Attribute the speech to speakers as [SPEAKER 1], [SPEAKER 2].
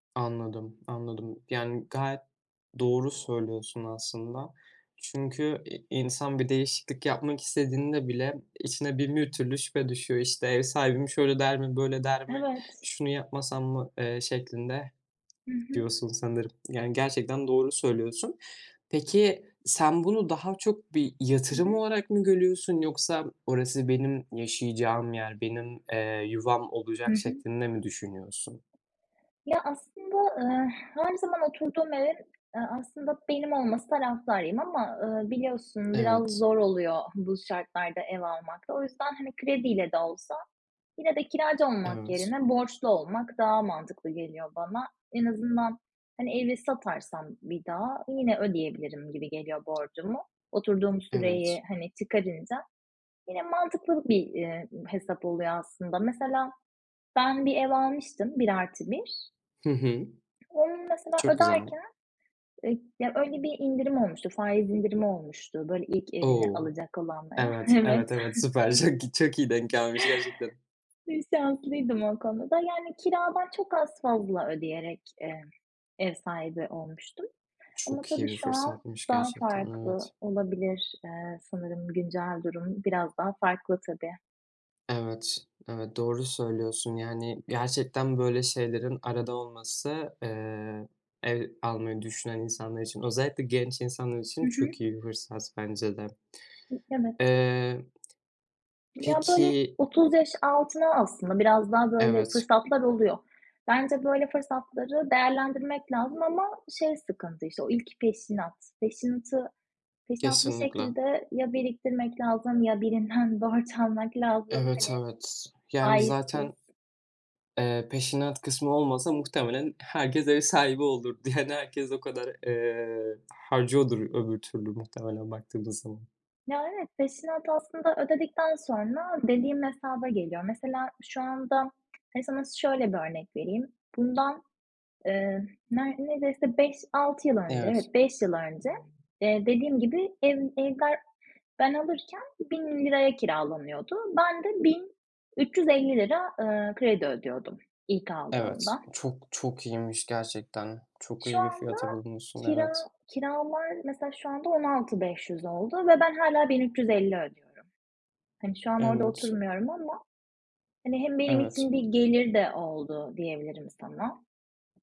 [SPEAKER 1] Anladım, anladım. Yani gayet doğru söylüyorsun aslında. Çünkü i insan bir değişiklik yapmak istediğinde bile içine bin bir türlü şüphe düşüyor. İşte, ev sahibim: "Şöyle der mi, böyle der mi,
[SPEAKER 2] Evet.
[SPEAKER 1] şunu yapmasam mı?" eee, şeklinde.
[SPEAKER 2] Hı hı.
[SPEAKER 1] Diyorsun sanırım yani gerçekten doğru söylüyorsun. Peki, sen bunu daha çok bir
[SPEAKER 2] Hı
[SPEAKER 1] yatırım
[SPEAKER 2] hı.
[SPEAKER 1] olarak mı görüyorsun yoksa orası benim yaşayacağım yer, benim, eee, yuvam
[SPEAKER 2] Hı
[SPEAKER 1] olacak
[SPEAKER 2] hı.
[SPEAKER 1] şeklinde mi düşünüyorsun?
[SPEAKER 2] Ya aslında, eee, her zaman oturduğum evin, eee, aslında benim olması taraftarıyım ama, eee, biliyorsun biraz
[SPEAKER 1] Evet.
[SPEAKER 2] zor oluyor bu şartlarda ev almak da o yüzden. Hani, krediyle de olsa yine de kiracı olmak
[SPEAKER 1] Evet.
[SPEAKER 2] yerine borçlu olmak daha mantıklı geliyor bana. En azından, hani, evi satarsam bir daha yine ödeyebilirim gibi geliyor borcumu. Oturduğum
[SPEAKER 1] Evet.
[SPEAKER 2] süreyi, hani, çıkarınca yine mantıklı bir, eee, hesap oluyor aslında. Mesela ben bir ev almıştım, 1 artı 1
[SPEAKER 1] Hı hı.
[SPEAKER 2] Onun mesela
[SPEAKER 1] Çok güzel.
[SPEAKER 2] öderken, eee, öyle bir indirim olmuştu, faiz indirimi olmuştu böyle ilk evini
[SPEAKER 1] O,
[SPEAKER 2] alacak olanlara.
[SPEAKER 1] evet,
[SPEAKER 2] Evet.
[SPEAKER 1] evet, evet, süper çok çok iyi denk gelmiş gerçekten.
[SPEAKER 2] Bir şanslıydım o konuda da. Yani kiradan çok az fazla ödeyerek, eee, ev sahibi olmuştum ama
[SPEAKER 1] Çok iyi
[SPEAKER 2] tabii
[SPEAKER 1] bir
[SPEAKER 2] şu an
[SPEAKER 1] fırsatmış
[SPEAKER 2] daha
[SPEAKER 1] gerçekten
[SPEAKER 2] farklı
[SPEAKER 1] evet.
[SPEAKER 2] olabilir. Eee, sanırım güncel durum biraz daha farklı tabii.
[SPEAKER 1] Evet, evet doğru söylüyorsun yani gerçekten, böyle, şeylerin arada olması, eee, ev almayı düşünen insanlar için, özellikle genç insanlar
[SPEAKER 2] Hı
[SPEAKER 1] için
[SPEAKER 2] hı.
[SPEAKER 1] çok iyi bir fırsat bence de.
[SPEAKER 2] Evet.
[SPEAKER 1] Eee,
[SPEAKER 2] Ya böyle
[SPEAKER 1] Peki
[SPEAKER 2] 30 yaş altına aslında biraz daha, böyle,
[SPEAKER 1] Evet.
[SPEAKER 2] fırsatlar oluyor. Bence, böyle, fırsatları değerlendirmek lazım ama şey sıkıntı, işte, o ilk peşinat. Peşinatı peşinat bir
[SPEAKER 1] Kesinlikle.
[SPEAKER 2] şekilde ya biriktirmek lazım ya birinden borç almak lazım,
[SPEAKER 1] Evet,
[SPEAKER 2] hani.
[SPEAKER 1] evet, yani
[SPEAKER 2] Faizsiz.
[SPEAKER 1] zaten, eee, peşinat kısmı olmasa muhtemelen herkes ev sahibi olurdu yani herkes o kadar, eee, harcıyordur öbür türlü muhtemelen baktığımız zaman.
[SPEAKER 2] Ya evet, peşinat aslında ödedikten sonra dediğim hesaba geliyor. Mesela şu anda hadi sana şöyle bir örnek vereyim. Bundan, eee, neredeyse 5-6 yıl önce,
[SPEAKER 1] Evet.
[SPEAKER 2] evet 5 yıl önce, eee, dediğim gibi ev, evler ben alırken ₺1.000 kiralanıyordu. Ben de ₺1.350, eee, kredi ödüyordum ilk
[SPEAKER 1] Evet,
[SPEAKER 2] aldığımda.
[SPEAKER 1] çok çok iyiymiş gerçekten. Çok
[SPEAKER 2] Şu
[SPEAKER 1] iyi bir
[SPEAKER 2] anda
[SPEAKER 1] fiyata bulmuşsun, evet.
[SPEAKER 2] kira, kiralar mesela şu anda 16.500 oldu ve ben hâlâ 1.350 ödüyorum. Hani, şu an orada
[SPEAKER 1] Evet.
[SPEAKER 2] oturmuyorum ama, hani, hem benim
[SPEAKER 1] Evet.
[SPEAKER 2] için bir gelir de oldu diyebilirim sana.